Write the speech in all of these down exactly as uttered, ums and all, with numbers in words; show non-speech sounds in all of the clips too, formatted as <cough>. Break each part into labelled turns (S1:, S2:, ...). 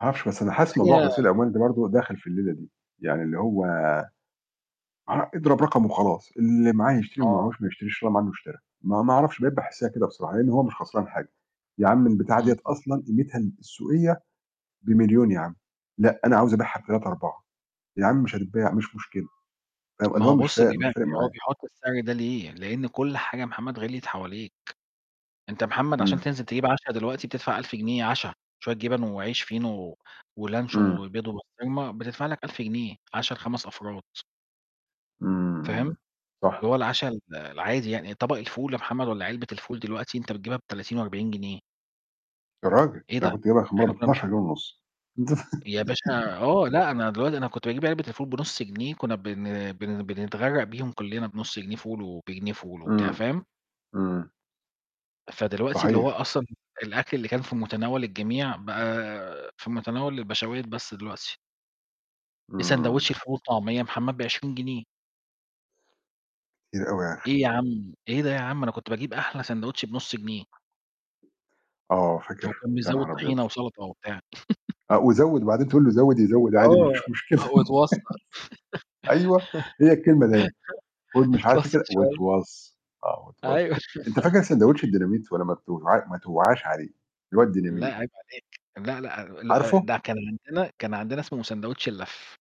S1: ما أعرفش، بس أنا حاسِس موضوع
S2: فهي
S1: غسيل الأموال ده برضه داخِل في الليلة دي، يعني اللي هو أه اضرب رقم وخلاص، اللي معاه يشتري، واللي ما
S2: آه.
S1: معاهوش ما يشتريش، إن شاء الله ما عنّه اشترى، ما ما أعرفش، بقيت باحسّها كده بصراحة، لإن هو مش خسران حاجة، يا عم البتاعة ديّة
S2: اهم.
S1: أصلًا قيمتها ال السوقية بمليون يا عم، لأ أنا عاوز أبيعها بتلاتة، أربعة. يا عم مش هتتباع، مش مشكلة،
S2: <tsk>
S1: أو إن
S2: ما
S1: هو
S2: هو
S1: مش
S2: بُص
S1: فا
S2: بيبيع
S1: مش
S2: يعني
S1: فارق
S2: هو
S1: معاه.
S2: بيحُط السعر ده ليه؟ لإن كلّ حاجة يا محمد غِلْيِت حواليك، أنت يا محمد عشان
S1: إمم.
S2: تنزل تجيب عَشَا دلوقتي بتدفع ألف جنيه عَشَا، شوية جِبَن وعيش فينو، و ولانشون
S1: إمم.
S2: وبيض وبسطرمة، بتدفع لك ألف جنيه، عَشَا لخَمَس أفراد.
S1: إمم، إمم.
S2: فاهم؟ اللي
S1: صح.
S2: هو العَشَا ال العادي يعني، طَبَق الفول يا محمد والّا علبة الفول دلوقتي أنت بتجيبها بتلاتين وأربعين جنيه.
S1: يا راجل! ده
S2: إيه
S1: أنا
S2: ده!
S1: كنت جايبها آخِر مَرّة
S2: إحنا كُنّا م
S1: باتناشر جنيه ونُص.
S2: يا
S1: <laughs>
S2: باشا آه. لأ، أنا دلوقتي أنا كنت باجيب علبة الفول بنُص جنيه، كُنّا بن بن بنتغرَّق بيهم كُلّنا، بنُص جنيه فول وبجنيه فول وبتاع،
S1: إمم.
S2: فاهم؟
S1: إمم.
S2: فدلوقتي اللي هو
S1: صحيح.
S2: أصلًا الأكل اللي كان في مُتناوَل الجميع، بقى في مُتناوَل البَشاوات بس دلوقتي. إ
S1: إمم.
S2: ساندويتش الفول والطعمية يا محمد بعشرين جنيه!
S1: كتير أوي يا أخي.
S2: إيه يا عَم، إيه ده يا عَم؟ أنا كنت باجيب أحلى ساندويتش بنُص جنيه.
S1: آه،
S2: ف
S1: فاكر؟
S2: وكان
S1: يا
S2: بيزوِّد
S1: نهار أبيض!
S2: طحينة وسَلَطة وبتاع.
S1: أ
S2: <chuckles>
S1: وزوِّد وبعدين تقول له زوِّد، يزوِّد عادي ما
S2: آه،
S1: فيش مشكلة.
S2: آه،
S1: <laughs>
S2: واتوصّى.
S1: أيوه، هي الكلمة ده أهي، خُد مش عارف
S2: <chuckles>
S1: إيه
S2: اتوصّى
S1: كده،
S2: شوية.
S1: واتوصّى، آه، واتوصّي،
S2: أيوه.
S1: أنت
S2: <laughs>
S1: فاكر ساندويتش الديناميت ولا ما بتوعا ما توعاش عليه؟ اللي هو
S2: لأ،
S1: الديناميت.
S2: عيب عليك. لأ، لأ، ال أ
S1: عارفه؟
S2: ده كان عندنا كان عندنا اسمه ساندويتش اللَّف.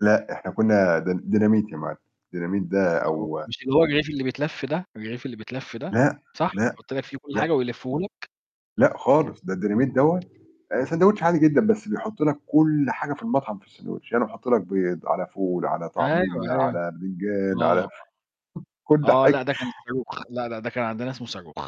S1: لأ، إحنا كُنّا دين ديناميت يا معلِّم. ديناميت ده
S2: آه
S1: أو
S2: مش اللي هو الرغيف اللي بيتلَف ده؟ الرغيف اللي بيتلَف ده،
S1: لأ،
S2: صح؟
S1: لأ،
S2: يحُط لك فيه كلّ حاجة
S1: لأ.
S2: ويلِفُّه لك؟
S1: لأ خالص، ده الديناميت دوّة آآ ساندويتش عادي جدًا، بس بيحُط لك كلّ حاجة في المطعم في الساندويتش، يعني يحُط لك بيض على فول على
S2: أيوه،
S1: طعمية
S2: أيوه.
S1: على بتنجان
S2: آه.
S1: على، <chuckles> كلّ
S2: آه، لأ، ده كان
S1: حاجة.
S2: الصاروخ، لأ، لأ، ده كان عندنا اسمه صاروخ.